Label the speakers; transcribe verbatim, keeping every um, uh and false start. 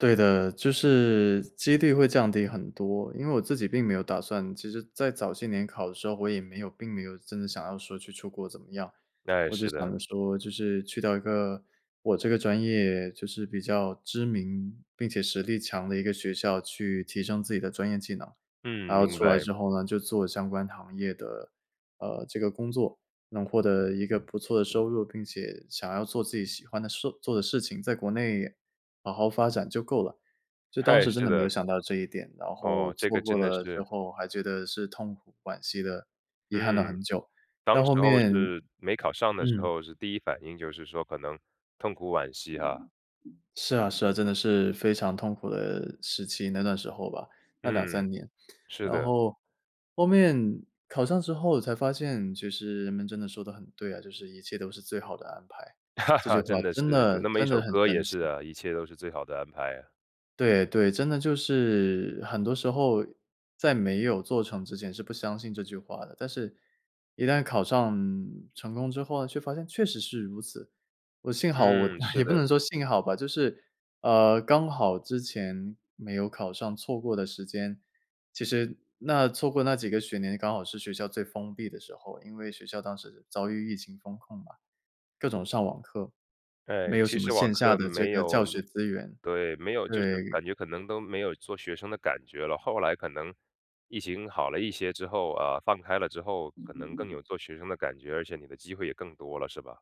Speaker 1: 对的，就是几率会降低很多，因为我自己并没有打算其实在早些年考的时候，我也没有并没有真的想要说去出国怎么样，
Speaker 2: 哎，
Speaker 1: 我只
Speaker 2: 是
Speaker 1: 想
Speaker 2: 的。
Speaker 1: 着说就是去到一个我这个专业就是比较知名并且实力强的一个学校，去提升自己的专业技能，然
Speaker 2: 嗯，
Speaker 1: 后
Speaker 2: 明
Speaker 1: 出来
Speaker 2: 白。
Speaker 1: 之后呢就做相关行业的，呃，这个工作。能获得一个不错的收入，并且想要做自己喜欢的事做的事情，在国内好好发展就够了。就当
Speaker 2: 哎，
Speaker 1: 时真
Speaker 2: 是
Speaker 1: 的没有
Speaker 2: 的。
Speaker 1: 想到这一点，然后
Speaker 2: 哦，这
Speaker 1: 错
Speaker 2: 个
Speaker 1: 过
Speaker 2: 真的
Speaker 1: 了之
Speaker 2: 是。
Speaker 1: 后还觉得是痛苦惋惜地遗憾了
Speaker 2: 嗯，
Speaker 1: 很久，
Speaker 2: 当
Speaker 1: 到
Speaker 2: 时
Speaker 1: 后
Speaker 2: 候
Speaker 1: 面
Speaker 2: 是没考上的时
Speaker 1: 嗯。
Speaker 2: 候是第一反应就是说可能痛苦惋惜哈。
Speaker 1: 是啊是啊，真的是非常痛苦的时期，那段时候吧，那两
Speaker 2: 嗯，
Speaker 1: 三年，
Speaker 2: 是
Speaker 1: 然
Speaker 2: 的。
Speaker 1: 后，后面，考上之后才发现就是人们真的说得很对啊，就是一切都是最好的安排。这句 话
Speaker 2: 真的
Speaker 1: 真
Speaker 2: 是，有
Speaker 1: 的
Speaker 2: 那么一
Speaker 1: 真
Speaker 2: 首
Speaker 1: 的很
Speaker 2: 歌也
Speaker 1: 神奇。
Speaker 2: 是啊，一切都是最好的安排啊。
Speaker 1: 对对，真的就是很多时候在没有做成之前是不相信这句话的，但是一旦考上成功之后呢，却发现确实是如此，我幸好我
Speaker 2: 嗯，是
Speaker 1: 也不
Speaker 2: 的。
Speaker 1: 能说幸好吧，就是，啊，刚好之前没有考上错过的时间，其实那错过那几个学年，刚好是学校最封闭的时候，因为学校当时遭遇疫情封控嘛，各种上网课，
Speaker 2: 哎，
Speaker 1: 没有
Speaker 2: 其
Speaker 1: 什么
Speaker 2: 实网
Speaker 1: 线下
Speaker 2: 课
Speaker 1: 的这
Speaker 2: 没
Speaker 1: 个教
Speaker 2: 有
Speaker 1: 学资源。
Speaker 2: 对，没有就是
Speaker 1: 对。
Speaker 2: 感觉可能都没有做学生的感觉了，后来可能疫情好了一些之后，呃，放开了之后，可能更有做学生的感觉，而且你的机会也更多了是吧？